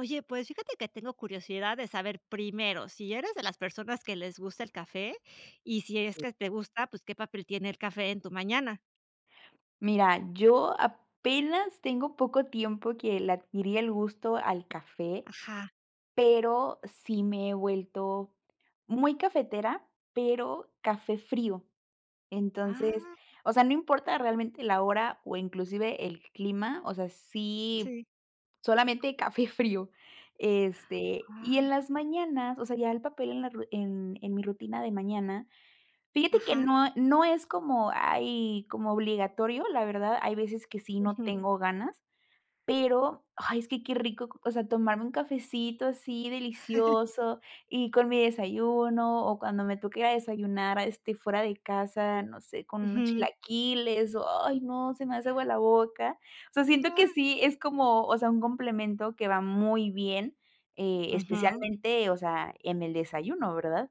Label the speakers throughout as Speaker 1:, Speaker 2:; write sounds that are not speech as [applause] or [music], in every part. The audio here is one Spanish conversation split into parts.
Speaker 1: Oye, pues, fíjate que tengo curiosidad de saber primero si eres de las personas que les gusta el café, y si es
Speaker 2: Eh.
Speaker 1: que te gusta, pues, ¿qué papel tiene el café en tu mañana?
Speaker 2: Mira, yo apenas tengo poco tiempo que le adquirí el gusto al café,
Speaker 1: Ajá.
Speaker 2: pero sí me he vuelto muy cafetera, pero café frío. Entonces,
Speaker 1: ¡Ah!
Speaker 2: o sea, no importa realmente la hora, o inclusive el clima. O sea, sí,
Speaker 1: Sí.
Speaker 2: solamente café frío,
Speaker 1: [gasps]
Speaker 2: este, y en
Speaker 1: Guau.
Speaker 2: las mañanas, o sea, ya el papel en la ru en en mi rutina de mañana fíjate que
Speaker 1: Ajá.
Speaker 2: no, ah, no es como ay, como obligatorio, la verdad. Hay veces que sí no
Speaker 1: Ujú.
Speaker 2: tengo ganas, pero ¡ay!, es que qué rico. O sea, tomarme un cafecito así
Speaker 1: [chuckles]
Speaker 2: delicioso, y con mi desayuno, o cuando me toque ir a desayunar a este fuera de casa. No sé con unos
Speaker 1: Ujú.
Speaker 2: chilaquiles. ¡Ay, no!, se me hace agua la boca. O sea, siento que
Speaker 1: ¡Ah!
Speaker 2: sí es como o sea, un complemento que va muy bien, eh,
Speaker 1: Ujú.
Speaker 2: especialmente, o sea, en el desayuno, ¿verdad?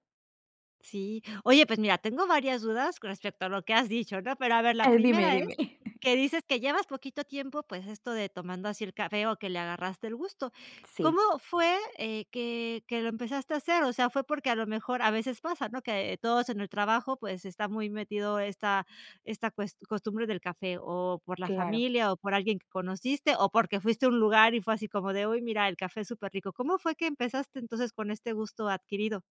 Speaker 1: Sí, oye, pues, mira, tengo varias dudas con respecto a lo que has dicho, ¿no?, pero a ver, la
Speaker 2: A ver, dime,
Speaker 1: primera es,
Speaker 2: dime. [chuckles]
Speaker 1: que dices que llevas poquito tiempo, pues, esto de tomando así el café o que le agarraste el gusto,
Speaker 2: Sí.
Speaker 1: ¿cómo fue, eh, que que lo empezaste a hacer?, o sea, fue porque a lo mejor a veces pasa, ¿no?, que todos en el trabajo, pues, está muy metido esta esta cues costumbre del café o por la
Speaker 2: Claro.
Speaker 1: familia o por alguien que conociste o porque fuiste a un lugar y fue así como de, uy, mira, el café es superrico, ¿cómo fue que empezaste, entonces, con este gusto adquirido?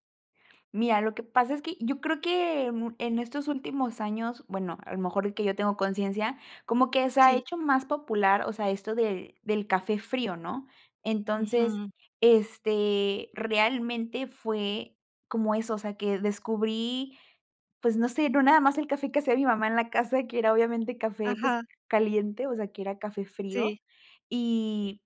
Speaker 2: Mira, lo que pasa es que yo creo que mu en estos últimos años, bueno, a lo mejor que yo tengo conciencia, como que se ha
Speaker 1: Sí.
Speaker 2: hecho más popular, o sea, esto de del café frío, ¿no?, entonces,
Speaker 1: Ujú.
Speaker 2: este, realmente fue como eso, o sea, que descubrí, pues, no sé, no nada más el café que hacía mi mamá en la casa, que era obviamente café, pues,
Speaker 1: Ajá.
Speaker 2: caliente, o sea, que era café frío
Speaker 1: Sí.
Speaker 2: y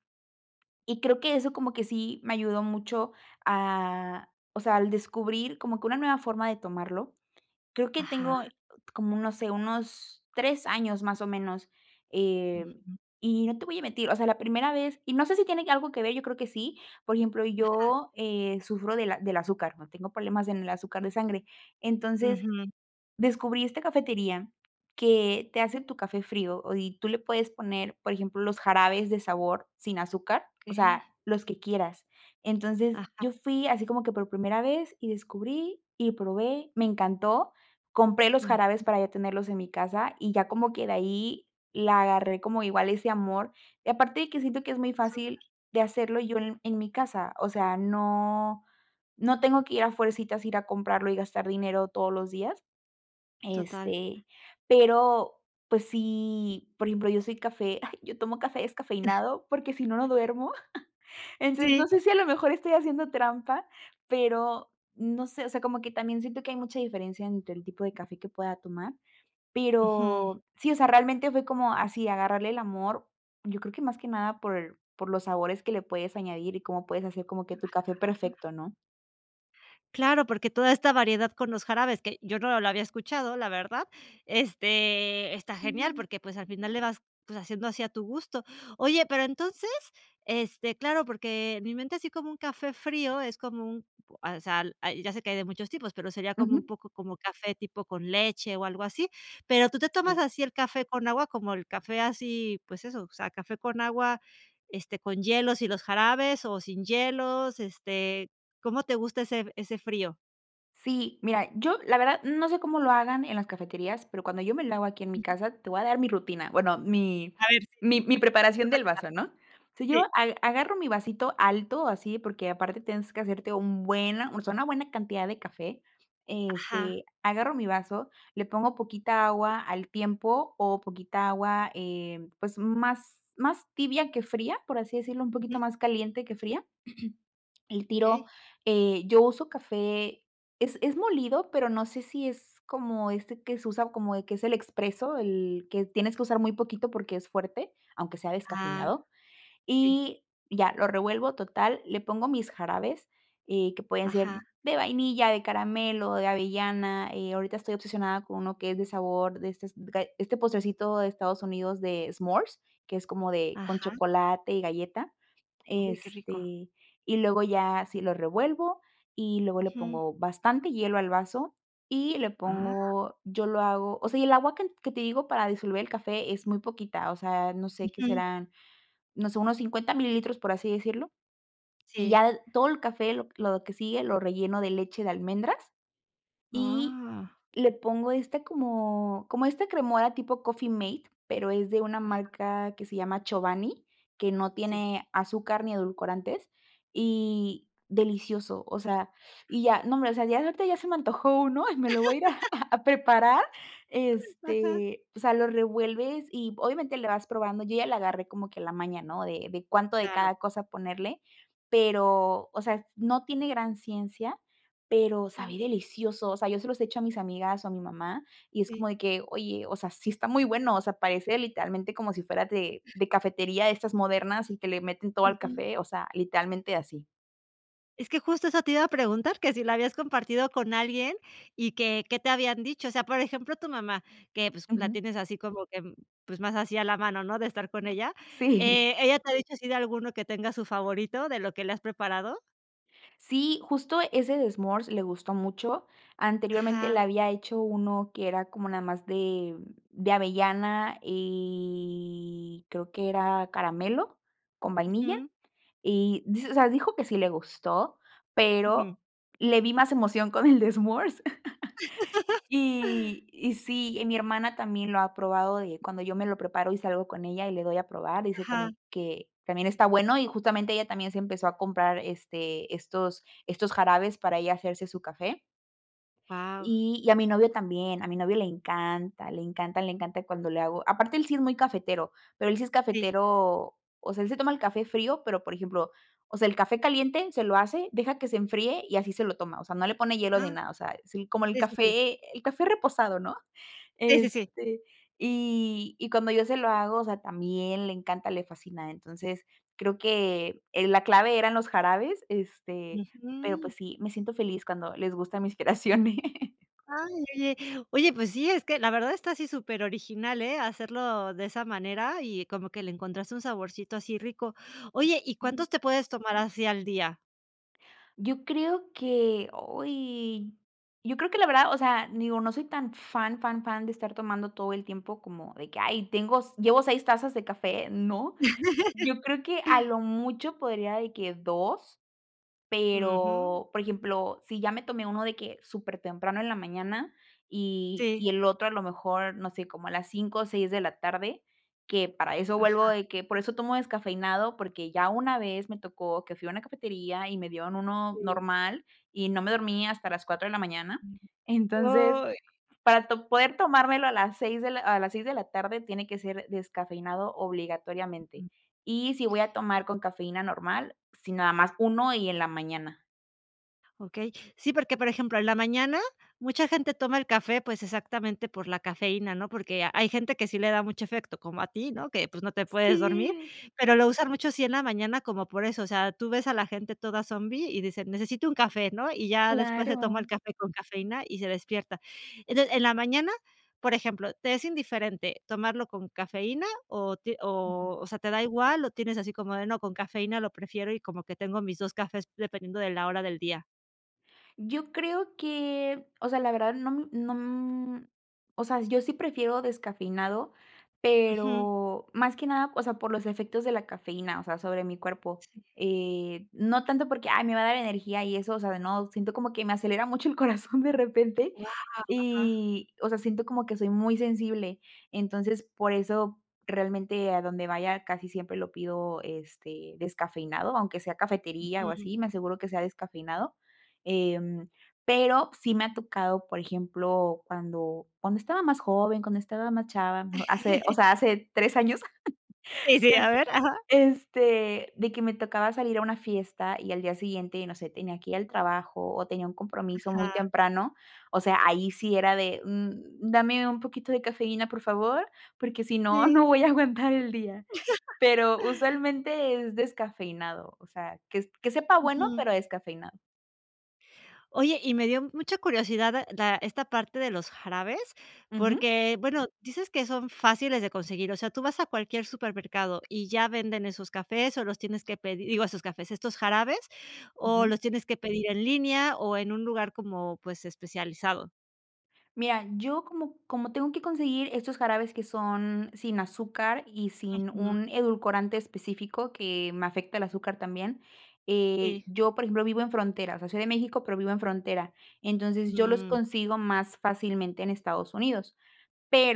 Speaker 2: y creo que eso como que sí me ayudó mucho a, o sea, al descubrir como que una nueva forma de tomarlo, creo que tengo
Speaker 1: Ajá.
Speaker 2: como un, no sé, unos 3 años más o menos, eh,
Speaker 1: Ujú.
Speaker 2: y no te voy a mentir, o sea, la primera vez, y no sé si tiene algo que ver, yo creo que sí, por ejemplo,
Speaker 1: Ajá.
Speaker 2: yo, eh, sufro de del azúcar, ¿no?, tengo problemas en el azúcar de sangre, entonces,
Speaker 1: Ujú.
Speaker 2: descubrí esta cafetería que te hace tu café frío y tú le puedes poner, por ejemplo, los jarabes de sabor sin azúcar, o sea,
Speaker 1: Okey.
Speaker 2: los que quieras, entonces,
Speaker 1: Ajá.
Speaker 2: yo fui así como que por primera vez y descubrí y probé, me encantó, compré los jarabes
Speaker 1: Ujú.
Speaker 2: para ya tenerlos en mi casa y ya como que de ahí la agarré como igual ese amor y aparte de que siento que es muy
Speaker 1: Súper.
Speaker 2: fácil de hacerlo yo en mi casa, o sea, no no tengo que ir a fuercitas, ir a comprarlo y gastar dinero todos los días,
Speaker 1: Total.
Speaker 2: este, pero, pues, sí, por ejemplo, yo soy café, ay, yo tomo café
Speaker 1: [chuckles]
Speaker 2: descafeinado porque si no, no duermo, [chuckles] entonces no
Speaker 1: Sí.
Speaker 2: sé si a lo mejor estoy haciendo trampa, pero no sé, o sea, como que también siento que hay mucha diferencia entre el tipo de café que pueda tomar,
Speaker 1: Ujú.
Speaker 2: pero sí, o sea, realmente fue como así agarrarle el amor, yo creo que más que nada por por los sabores que le puedes añadir y cómo puedes hacer como que tu café perfecto, ¿no?
Speaker 1: Claro, porque toda esta variedad con los jarabes, que yo no lo había escuchado, la verdad, este, está genial
Speaker 2: Sí.
Speaker 1: porque pues al final le vas, pues, haciendo así a tu gusto. Oye, pero entonces, este claro porque mi mente, así como un café frío, es como un al sal ah, y ya sé que hay de muchos tipos, pero sería como un
Speaker 2: Ujú.
Speaker 1: poco como café tipo con leche o algo así. ¿Pero tú te tomas
Speaker 2: Sí.
Speaker 1: así el café con agua, como el café así, pues eso, o sea, café con agua, este, con hielos y los jarabes o sin hielos, este, cómo te gusta ese f ese frío?
Speaker 2: Sí, mira, yo la verdad, no sé cómo lo hagan en las cafeterías, pero cuando yo me lo hago aquí en mi
Speaker 1: Ujú.
Speaker 2: casa te voy a dar mi rutina, bueno, mi
Speaker 1: A ver sí.
Speaker 2: mi mi
Speaker 1: Tú
Speaker 2: preparación
Speaker 1: lo
Speaker 2: del
Speaker 1: [unintelligible]
Speaker 2: vaso, ¿no? O sea, yo
Speaker 1: Sí.
Speaker 2: ag agarro mi vasito alto así, porque aparte tienes que hacerte un buena, o sea, una buena cantidad de café.
Speaker 1: Ajá.
Speaker 2: Este, agarro mi vaso, le pongo poquita agua al tiempo o poquita agua, eh, pues más más tibia que fría, por así decirlo, un poquito
Speaker 1: Ujú.
Speaker 2: más caliente que fría. [clears throat] El tiro,
Speaker 1: Okey.
Speaker 2: eh, yo uso café, es es molido, pero no sé si es como este que se usa como, eh, que es el expreso, el que tienes que usar muy poquito porque es fuerte, aunque sea
Speaker 1: Ah.
Speaker 2: descafeinado,
Speaker 1: Sí.
Speaker 2: y ya, lo revuelvo, total, le pongo mis jarabes, eh, que pueden ser
Speaker 1: Ajá.
Speaker 2: de vainilla, de caramelo, de avellana, eh, ahorita estoy obsesionada con uno que es de sabor de estes gae este postrecito de Estados Unidos de s'mores, que es como de con
Speaker 1: Ajá.
Speaker 2: chocolate y galleta,
Speaker 1: Uy, qué rico.
Speaker 2: este y luego ya así lo revuelvo, y luego le
Speaker 1: Ujú.
Speaker 2: pongo bastante hielo al vaso y le
Speaker 1: Ah.
Speaker 2: pongo yo lo hago, o sea, y el agua can que te digo para disolver el café es muy poquita, o sea, no sé, ¿qué
Speaker 1: Ujú.
Speaker 2: serán?, no sé, unos 50 mililitros, por así decirlo. Y
Speaker 1: Sí.
Speaker 2: ya l todo el café, lo lo que sigue, lo relleno de leche de almendras y
Speaker 1: Ah.
Speaker 2: le pongo este como como esta cremora tipo coffee mate, pero es de una
Speaker 1: Ajá.
Speaker 2: marca que se llama Chobani, que no
Speaker 1: Sí.
Speaker 2: tiene azúcar ni edulcorantes y delicioso, o sea, y ya, no hombre, ya ahorita ya se me antojó uno y me lo voy a ir a
Speaker 1: [laughs]
Speaker 2: a a preparar,
Speaker 1: Ajá.
Speaker 2: este, o sea, lo revuelves y obviamente le vas probando. Yo ya la agarré como que la maña, ¿no?, de de cuánto de
Speaker 1: Claro.
Speaker 2: cada cosa ponerle pero, o sea, no tiene gran ciencia, pero sabe
Speaker 1: Sí.
Speaker 2: delicioso, o sea, yo se los he hecho a mis amigas o a mi mamá y es
Speaker 1: Sí.
Speaker 2: como de que oye, o sea, sí, está muy bueno, o sea, parece literalmente como si fuera de de cafetería de estas modernas y que le meten todo al
Speaker 1: Ujú.
Speaker 2: café, o sea, literalmente así.
Speaker 1: Es que justo eso te iba a preguntar, ¿que si la habías compartido con alguien y que, qué te habían dicho?, o sea, por ejemplo, tu mamá que, pues, la
Speaker 2: Ujú.
Speaker 1: tienes así como que, pues, más así a la mano, ¿no?, de estar con ella,
Speaker 2: Sí.
Speaker 1: eh, ¿ella te ha dicho así de alguno que tenga su favorito de lo que le has preparado?
Speaker 2: Sí, justo ese de S'mores le gustó mucho, anteriormente le
Speaker 1: Ajá.
Speaker 2: había hecho uno que era como nada más de de avellana y creo que era caramelo con vainilla
Speaker 1: Ujú.
Speaker 2: y di o sea, dijo que sí le gustó,
Speaker 1: Ujú.
Speaker 2: pero le vi más emoción con el de S'mores, [chuckles]
Speaker 1: [laughs]
Speaker 2: y y sí, mi hermana también lo ha probado de cuando yo me lo preparo y salgo con ella y le doy a probar, dice
Speaker 1: Ajá.
Speaker 2: también, que también está bueno, y justamente ella también se empezó a comprar, este, estos estos jarabes para ella hacerse su café
Speaker 1: Guau.
Speaker 2: y y a mi novio también, a mi novio le encanta le encanta, le encanta cuando le hago, aparte, él sí es muy cafetero, pero él sí es
Speaker 1: Sí.
Speaker 2: cafetero, o sea, él se toma el café frío, pero por ejemplo, o sea, el café caliente se lo hace, deja que se enfríe y así se lo toma, o sea, no le pone hielo ni
Speaker 1: Ah,
Speaker 2: nada, o sea, es como el
Speaker 1: sí, sí, sí.
Speaker 2: café el café reposado, ¿no?,
Speaker 1: Sí, sí, sí.
Speaker 2: este, y y cuando yo se lo hago, o sea, también le encanta, le fascina, entonces creo que, eh, la clave eran los jarabes, este, pero
Speaker 1: Ujú.
Speaker 2: ,pues sí, me siento feliz cuando les gustan mis creaciones.
Speaker 1: Ay, oye oye, pues sí, es que la verdad está así superoriginal, eh, hacerlo de esa manera y como que le encontraste un saborcito así rico, oye, ¿y cuántos
Speaker 2: Sí.
Speaker 1: te puedes tomar así al día?
Speaker 2: Yo creo que, ay yo creo que la verdad, o sea, digo, no soy tan fan, fan, fan de estar tomando todo el tiempo, como de que: "Ay, tengo llevo seis tazas de café.", no.
Speaker 1: [laughs]
Speaker 2: Yo creo que a lo mucho, podría de que dos.
Speaker 1: Ujú.
Speaker 2: Pero por ejemplo, si ya me tomé uno, de que supertemprano en la mañana, y
Speaker 1: Sí.
Speaker 2: y el otro a lo mejor, no sé, como a las 17:00 o 18:00, que para eso, vuelvo
Speaker 1: Ajá.
Speaker 2: de que, por eso tomo descafeinado, porque ya una vez me tocó que fui a una cafetería, y me dieron uno
Speaker 1: Sí.
Speaker 2: normal, y no me dormí hasta las 4:00. Entonces,
Speaker 1: Ay.
Speaker 2: para to poder tomármelo a las seis de la a las 18:00, tiene que ser descafeinado obligatoriamente.
Speaker 1: Ujú.
Speaker 2: Y si voy a tomar con cafeína normal, sí, nada más uno y en la mañana.
Speaker 1: Okey. Sí, porque, por ejemplo, en la mañana mucha gente toma el café, pues exactamente por la cafeína, ¿no?, porque hay gente que sí le da mucho efecto, como a ti, ¿no?, que pues, no te puedes dormir.
Speaker 2: Sí.
Speaker 1: Pero lo usan mucho, sí en la mañana como por eso. O sea, tú ves a la gente toda zombi, y dicen: "Necesito un café.", ¿no? Y ya después, se toma el
Speaker 2: Claro.
Speaker 1: café con cafeína y se despierta. Entonces, en la mañana, por ejemplo, ¿te es indiferente tomarlo con cafeína o ti
Speaker 2: Ujú.
Speaker 1: o o sea, te da igual?, o tienes así como de, no con cafeína, lo prefiero, y como que tengo mis dos cafés dependiendo de la hora del día.
Speaker 2: Yo creo que o sea, la verdad no no. O sea, yo sí prefiero descafeinado,
Speaker 1: Ujú.
Speaker 2: pero más que nada, o sea, por los efectos de la cafeína, o sea, sobre mi cuerpo.
Speaker 1: Sí.
Speaker 2: Eh, no tanto, porque: "Ay, me va a dar energía y eso", o sea, no siento como que me acelera mucho el corazón de repente,
Speaker 1: Wao. Ajá.
Speaker 2: y o sea, siento como que soy muy sensible. Entonces por eso realmente a donde vaya casi siempre lo pido, este, descafeinado. Aunque sea cafetería, o
Speaker 1: Ujú.
Speaker 2: así, me aseguro que sea descafeinado. Em, pero sí me ha tocado, por ejemplo, cuando cuando estaba más joven, cuando estaba más chava hace, o
Speaker 1: [giggles]
Speaker 2: sea, hace 3 años. [giggles]
Speaker 1: Sí, sí, a
Speaker 2: Em,
Speaker 1: ver. Ajá.
Speaker 2: este de que me tocaba salir a una fiesta y al día siguiente, no sé, tenía que ir al trabajo, o tenía un compromiso muy
Speaker 1: Ajá.
Speaker 2: temprano, o sea, ahí sí era de, mm, dame un poquito de cafeína, por favor, porque si no,
Speaker 1: Sí.
Speaker 2: no voy a aguantar el día,
Speaker 1: [giggles]
Speaker 2: pero usualmente es descafeinado, o sea, que que sepa bueno,
Speaker 1: Ujú.
Speaker 2: pero descafeinado.
Speaker 1: Oye, y me dio mucha curiosidad da esta parte de los jarabes,
Speaker 2: Ujú.
Speaker 1: porque bueno, dices que son fáciles de conseguir. O sea, tú vas a cualquier supermercado, y ya venden esos cafés, ¿o los tienes que pedir? Digo, esos cafés, estos jarabes, ¿o
Speaker 2: Ujú.
Speaker 1: los tienes que pedir en línea, o en un lugar como, pues, especializado?
Speaker 2: Mira, yo como como tengo que conseguir estos jarabes que son sin azúcar y sin
Speaker 1: Ujú.
Speaker 2: un edulcorante específico que me afecta el azúcar también, eh,
Speaker 1: Sí.
Speaker 2: yo, por ejemplo, vivo en frontera, o sea, soy de México, pero vivo en frontera. Entonces yo los
Speaker 1: Mm.
Speaker 2: consigo más fácilmente en Estados Unidos.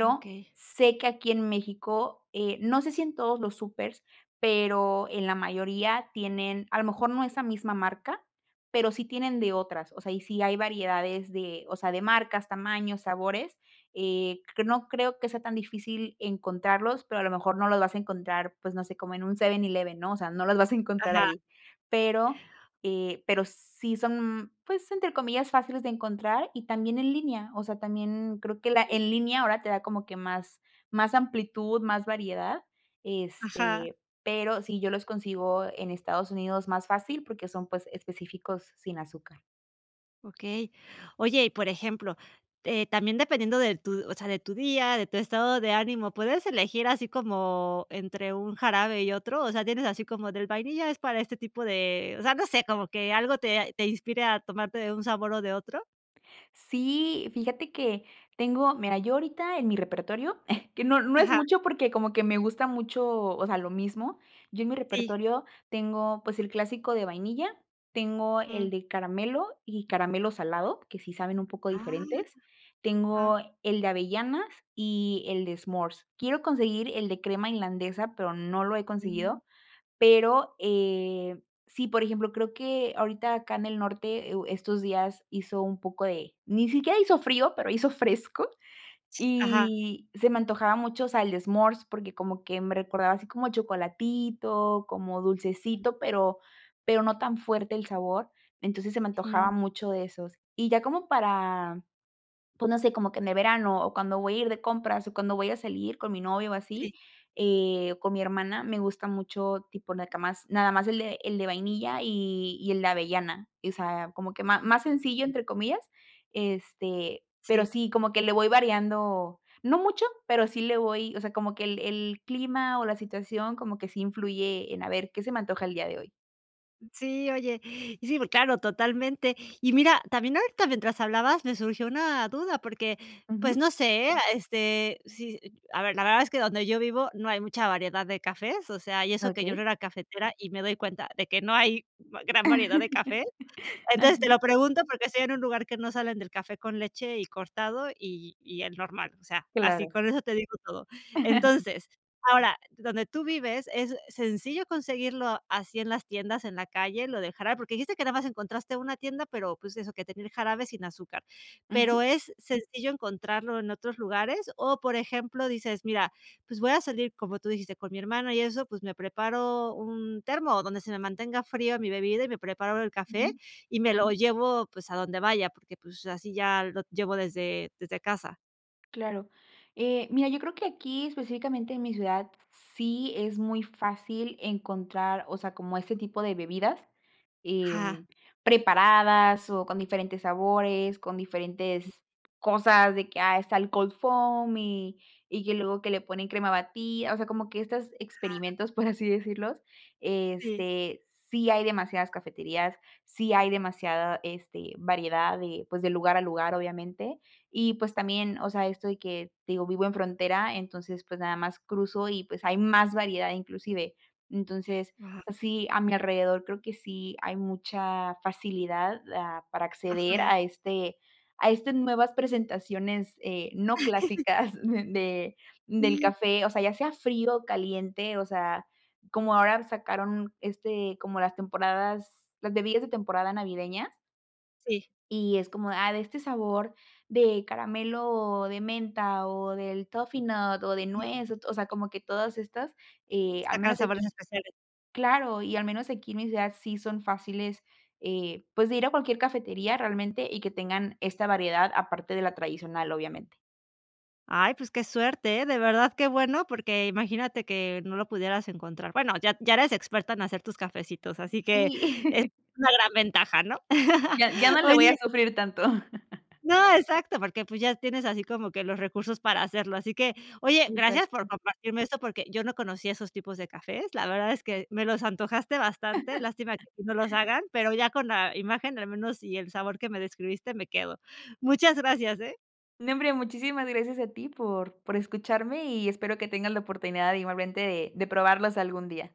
Speaker 1: Ah, okey.
Speaker 2: sé que aquí en México, eh, no sé si en todos los súpers, pero en la mayoría tienen, a lo mejor no
Speaker 1: Ujú.
Speaker 2: esa misma marca, pero sí tienen de otras, o sea, y sí hay variedades de, o sea de marcas, tamaños, sabores. Eh, q no creo que sea tan difícil encontrarlos, pero a lo mejor no los vas a encontrar, pues no sé como en un 7-Eleven, ¿no? O sea, no los vas a encontrar
Speaker 1: Ajá.
Speaker 2: ahí. Pero, eh, pero sí son, pues entre comillas, "fáciles de encontrar" y también en línea. O sea, también creo que la
Speaker 1: Sí.
Speaker 2: en línea ahora te da como que más más amplitud, más variedad.
Speaker 1: Ajá.
Speaker 2: Este, pero sí yo los consigo en Estados Unidos más fácil porque son pues específicos sin azúcar.
Speaker 1: Okey. Oye, y por ejemplo, eh, también dependiendo de tu, o sea, de tu día, de tu estado de ánimo, ¿puedes elegir así como entre un jarabe y otro?, o sea, tienes así como del vainilla es para este tipo de o sea, no sé como que algo te a te inspire a tomarte de un sabor o de otro.
Speaker 2: ¡Sí!, fíjate que tengo mira, yo ahorita en mi repertorio [chuckles] que no, no es
Speaker 1: Ajá.
Speaker 2: mucho porque como que me gusta mucho, o sea, lo mismo, yo en mi
Speaker 1: Sí.
Speaker 2: repertorio tengo, pues, el clásico de vainilla, tengo el
Speaker 1: Mm.
Speaker 2: de caramelo y caramelo salado que sí saben un poco
Speaker 1: ¡Ah!,
Speaker 2: diferentes, tengo
Speaker 1: ajá.
Speaker 2: el de avellanas, y el de smores. Quiero conseguir el de crema irlandesa, pero no lo he
Speaker 1: Sí.
Speaker 2: conseguido. Pero, eh, sí, por ejemplo, creo que ahorita acá en el norte e u estos días hizo un poco de ni siquiera hizo frío, pero hizo fresco
Speaker 1: Ajá.
Speaker 2: y se me antojaba mucho, o sea, el de smores, porque como que me recordaba así como chocolatito como dulcecito, pero pero no tan fuerte el sabor. Entonces, se me antojaba
Speaker 1: Jum.
Speaker 2: mucho de esos, y ya como para, pues, no sé como que en el verano, o cuando voy a ir de compras, o cuando voy a salir con mi novio o así,
Speaker 1: Sí.
Speaker 2: eh, o con mi hermana me gusta mucho tipo nacamás, nada más el de el de vainilla, y y el de avellana, y o sea, como que ma más sencillo, entre comillas. Este, pero
Speaker 1: Sí.
Speaker 2: sí como que le voy variando, no mucho, pero sí le voy o sea, como que el el clima o la situación como que sí influye en, a ver, ¿qué se me antoja el día de hoy?
Speaker 1: Sí, oye, y sí, pu claro, totalmente. Y mira también ahorita mientras hablabas, me surgió una duda, porque pues
Speaker 2: Ujú.
Speaker 1: no sé, ¿eh?, este, sí a ver, la verdad es que donde yo vivo no hay mucha variedad de cafés, o sea, y eso que yo no
Speaker 2: Okey.
Speaker 1: era cafetera y me doy cuenta de que no hay va gran variedad de café.
Speaker 2: [laughs]
Speaker 1: Entonces te lo
Speaker 2: Ajá.
Speaker 1: pregunto porque estoy en un lugar que no salen del café con leche y cortado y y el normal, o sea, así
Speaker 2: Claro.
Speaker 1: con eso te digo todo.
Speaker 2: [laughs]
Speaker 1: Entonces, ahora donde tú vives es sencillo conseguirlo así en las tiendas, en la calle, lo del jarabe porque dijiste que nada más encontraste una tienda, pero pues eso que tener jarabe sin azúcar. Pero,
Speaker 2: Ujú.
Speaker 1: ¿es sencillo encontrarlo en otros lugares?, o, por ejemplo, dices: "Mira, pues voy a salir", como tú dijiste: "Con mi hermana y eso, pues, me preparo un termo o donde se me mantenga fría mi bebida y me preparo el café
Speaker 2: Ujú.
Speaker 1: y me lo llevo, pues a donde vaya porque pues así ya lo llevo desde desde casa".
Speaker 2: Claro, eh, mira, yo creo que aquí específicamente en mi ciudad sí es muy fácil encontrar, o sea, como ese tipo de bebidas,
Speaker 1: Ajá.
Speaker 2: em, preparadas o con diferentes sabores, con diferentes cosas de que, ah, está el cold foam y y que luego que le ponen crema bati o sea, como que estas
Speaker 1: Ajá.
Speaker 2: experimentos, por así decirlos.
Speaker 1: Sí.
Speaker 2: Este, sí hay demasiadas cafeterías. Sí, hay demasiada, este, variedad de, pues, de lugar a lugar, obviamente. Y pues también, o sea, esto de que te digo, vivo en frontera, entonces pues nada más cruzo y pues hay más variedad, inclusive. Entonces
Speaker 1: Guau.
Speaker 2: sí, a mi alrededor, creo que sí hay mucha facilidad, ah, para acceder
Speaker 1: Ajá.
Speaker 2: a este a este nuevas presentaciones, eh, no clásicas de
Speaker 1: [laughs]
Speaker 2: del
Speaker 1: Sí.
Speaker 2: café, o sea, ya sea frío o caliente. O sea, como ahora sacaron, este, como las temporadas las bebidas de temporada navideñas
Speaker 1: Sí.
Speaker 2: y es como, ah, de este sabor de caramelo de menta o del toffee nut o de
Speaker 1: Ujú.
Speaker 2: nuez, o to o sea, como que todas estas, eh al
Speaker 1: Sacan
Speaker 2: menos
Speaker 1: sabores
Speaker 2: aquí
Speaker 1: especiales.
Speaker 2: claro. Y al menos aquí en mi ciudad sí son fáciles, eh pues, de ir a cualquier cafetería realmente y que tengan esta variedad aparte de la tradicional, obviamente.
Speaker 1: Ay, pues qué suerte, ¿eh?, de verdad, qué bueno, porque imagínate que no lo pudieras encontrar. Bueno, ya ya eres experta en hacer tus cafecitos, así que
Speaker 2: Sí.
Speaker 1: es
Speaker 2: [laughs]
Speaker 1: una gran ventaja, ¿no? [laughs]
Speaker 2: Ya, ya no le voy a
Speaker 1: Oye.
Speaker 2: sufrir tanto. [laughs]
Speaker 1: No, exacto, porque pues ya tienes así como que los recursos para hacerlo. Así que oye, gracias por
Speaker 2: Exacto.
Speaker 1: compartirme esto porque yo no conocía esos tipos de cafés, la verdad es que me los antojaste bastante. Lástima que
Speaker 2: [laughs]
Speaker 1: aquí no los hagan, pero ya con la imagen, al menos y el sabor que me describiste me quedo. Muchas gracias, ¿eh?
Speaker 2: Nombre, muchísimas gracias a ti por por escucharme y espero que tengas la oportunidad igualmente de de probarlas algún día.